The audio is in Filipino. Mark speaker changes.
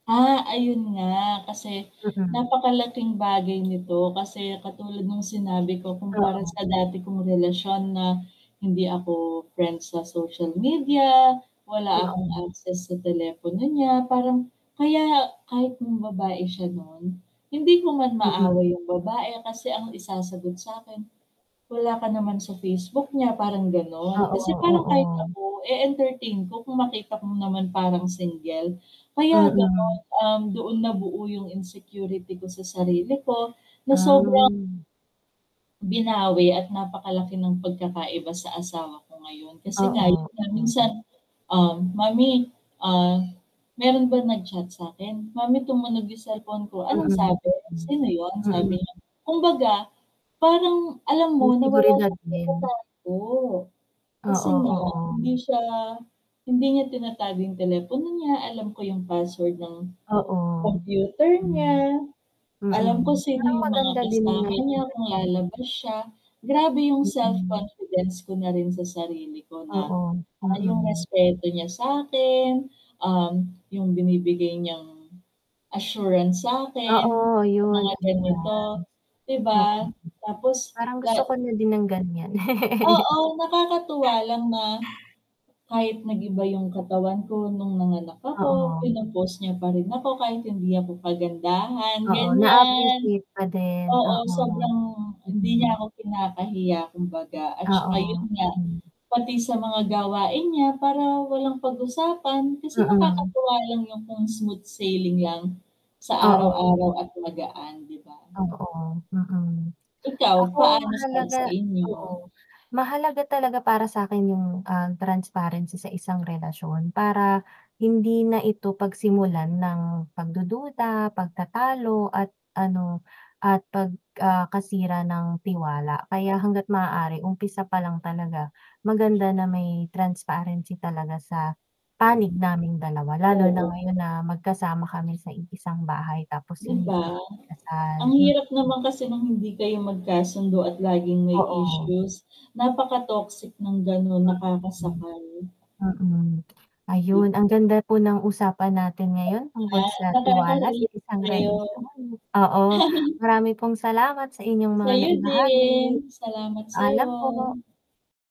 Speaker 1: Ah, ayun nga kasi
Speaker 2: Mm.
Speaker 1: napakalaking bagay nito kasi katulad nung sinabi ko kumpara
Speaker 2: Oo.
Speaker 1: sa dati kong relasyon na hindi ako friends sa social media, wala akong
Speaker 2: Oo.
Speaker 1: access sa telepono niya, parang kaya kahit nambabae siya no'n, hindi ko man
Speaker 2: Mm.
Speaker 1: maaway yung babae kasi ang isasagot sa'kin, "Wala ka naman sa Facebook niya," parang ganon.
Speaker 2: Oo,
Speaker 1: Kasi parang kahit
Speaker 2: oo.
Speaker 1: ako e-entertain ko kung makita mo naman parang single. Kaya ganon,
Speaker 2: Mm.
Speaker 1: um, doon nabuo yung insecurity ko sa sarili ko na sobrang
Speaker 2: Ah.
Speaker 1: binawi at napakalaki ng pagkakaiba sa asawa ko ngayon, kasi nga
Speaker 2: Oo,
Speaker 1: 'yun nga minsan,
Speaker 2: oo.
Speaker 1: ah, "Mommy, ah, meron ba nag-chat sa'kin?" "Mommy tumunog yung cellphone ko, anong
Speaker 2: Mm,
Speaker 1: sabi?
Speaker 2: mm.
Speaker 1: Sino yun?" sabi
Speaker 2: Mm.
Speaker 1: niya. Kumbaga parang alam
Speaker 2: Yung
Speaker 1: mo na wala
Speaker 2: seguridad
Speaker 1: siyang
Speaker 2: din.
Speaker 1: tinatago, kasi
Speaker 2: Oo,
Speaker 1: nga
Speaker 2: oo.
Speaker 1: hindi siya hindi niya tinatago yung telepono niya, alam ko yung password ng
Speaker 2: Oo.
Speaker 1: computer
Speaker 2: Hmm.
Speaker 1: niya. Alam ko
Speaker 2: Mm,
Speaker 1: sino
Speaker 2: parang
Speaker 1: yung mga
Speaker 2: maganda din yung
Speaker 1: kasama
Speaker 2: nga 'yong
Speaker 1: niya kung
Speaker 2: ganyan.
Speaker 1: lalabas siya, grabe yung
Speaker 2: Mm.
Speaker 1: self-confidence ko na rin sa sarili ko na,
Speaker 2: Oo,
Speaker 1: ah, yung
Speaker 2: mm.
Speaker 1: respeto niya sa'kin, um, yung binibigay niyang assurance sa'kin,
Speaker 2: Oo
Speaker 1: sa mga
Speaker 2: 'yun,
Speaker 1: ganito,
Speaker 2: assurance.
Speaker 1: 'di
Speaker 2: Oo.
Speaker 1: ba? Tapos
Speaker 2: Parang
Speaker 1: la
Speaker 2: gusto ko na din ng ganyan.
Speaker 1: Oo, nakakatuwa lang na kahit nag-iba yung katawan ko nung nanganak ako
Speaker 2: Oo.
Speaker 1: pino-post niya pa rin ako kahit hindi ako kagandahan,
Speaker 2: Oo,
Speaker 1: ganyan.
Speaker 2: naa-appreciate pa din,
Speaker 1: Oo,
Speaker 2: oo.
Speaker 1: sobrang hindi niya
Speaker 2: Mm.
Speaker 1: ako kinakahiya kumbaga, at
Speaker 2: Oo,
Speaker 1: saka yun nga,
Speaker 2: mm.
Speaker 1: pati sa mga gawain niya para walang pag-usapan kasi
Speaker 2: Mm.
Speaker 1: nakakatuwa lang yung kung smooth sailing lang sa
Speaker 2: Oo.
Speaker 1: araw-araw at magaan, 'di ba?
Speaker 2: Oo, mm.
Speaker 1: Ikaw,
Speaker 2: Ako
Speaker 1: paano sa
Speaker 2: mahalaga
Speaker 1: sa inyo?
Speaker 2: oo, mahalaga talaga para sa'kin yung, ah, transparency sa isang relasyon para hindi na ito pagsimulan ng pagdududa, pagtatalo at ano, at pag, ah, kasira ng tiwala. Kaya hangga't maaari umpisa pa lang talaga maganda na may transparency talaga sa panig naming dalawa, lalo na
Speaker 1: Oo.
Speaker 2: ngayon na magkasama kami sa iisang bahay tapos
Speaker 1: 'Di
Speaker 2: hindi
Speaker 1: ba?
Speaker 2: pa kami kasal,
Speaker 1: Ang
Speaker 2: mm.
Speaker 1: hirap naman kasi nung hindi kayo magkasundo at laging may
Speaker 2: Oo.
Speaker 1: issues, napaka-toxic ng ganon,
Speaker 2: Mm.
Speaker 1: nakakasakal.
Speaker 2: Mm. Ayun,
Speaker 1: Kit
Speaker 2: ang ganda po ng usapan natin ngayon
Speaker 1: [unintelligible]
Speaker 2: tungkol
Speaker 1: Nga,
Speaker 2: sa
Speaker 1: pati ako
Speaker 2: tiwala sa
Speaker 1: Naka-relate
Speaker 2: isang
Speaker 1: sa'yo.
Speaker 2: relasyon. Oo, marami pong salamat sa inyong mga
Speaker 1: Sa'yo
Speaker 2: naibahagi.
Speaker 1: din, salamat
Speaker 2: Paalam
Speaker 1: sa'yo.
Speaker 2: po.